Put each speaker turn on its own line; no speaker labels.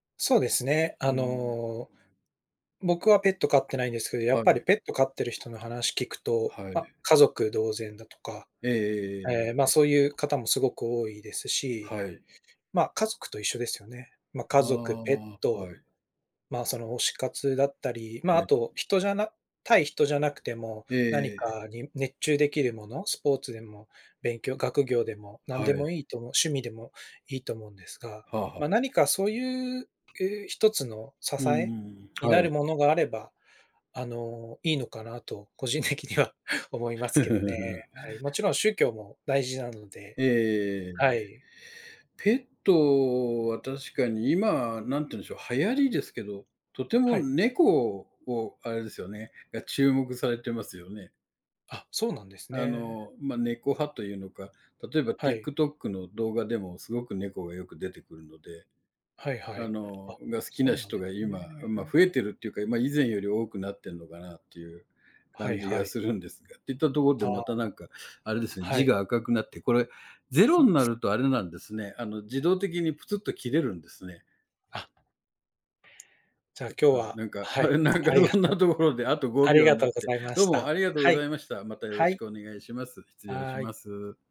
そうですね。
う
あ
ーん。
の、僕はペット飼ってないんですけど、やっ
は
ぱり
い。
ペット飼ってる人の話聞くと、
は
ま、
い。
家族同然だとか、
えええええ
ええ、
え
ま
ええ
あ、
ええ。
そういう方もすごく多いですし、
はい。
ま、家族と一緒ですよね。ま、家
ま
族、ペッ
あ、
ト、
はい。
まあ、その推し活だったり、まあ、
え
あ
え。
と、人じゃな対人じゃなくても、
ええ
何
ええ。
かに熱中できるもの、スポーツでも勉強、学業でも何
は
で
い。
もいいと思う、趣味でもいいと思うんですが、
はあはあ。
ま、何かそういうう、1つの支
うー
え
ん、
に
は
なる
い。
ものがあれば、あの、いいのかなと個人的には思いますけどね。はい。もちろん宗教も大事なので、
ええ、
はい。
ペットは確かに今、何て言うんでしょう、流行りですけど、とて
は
も
い。
猫を、あれですよねが注目されてますよね。
あ、そうなんです
あ
ね。
の、ま、猫派というのか、例えば
はい。
TikTok の動画でもすごく猫がよく出てくるので、
はいは
あ
い。あ、
のが好き
そ
な
うなん
人
で
が
すね。
今、ま、増えてるっていうか、ま、以前より多くなってんのかなっていう
は
感
い
じ
は
が
い。
するんですがって言ったところで
あ
ま
あ。
た何かあれですね、
は
字
い。
が赤くなって、これ、0
そう
んなるとあれなんですね、あの、自動的にぷつっと切れるんですね。
あじゃあ
と、
今日
あ、
は、
なんか
はい、
なんか、
ありが
そんな
とう
ところであとご
あ
び
り
ょう
が
に
と
な
う
っ
ご
て、
ざいま
どう
し
もあ
た。
りがとうご
はい、
ざいました。またよろ
は
し
い。
くお願いします。失礼し
はい。
ます。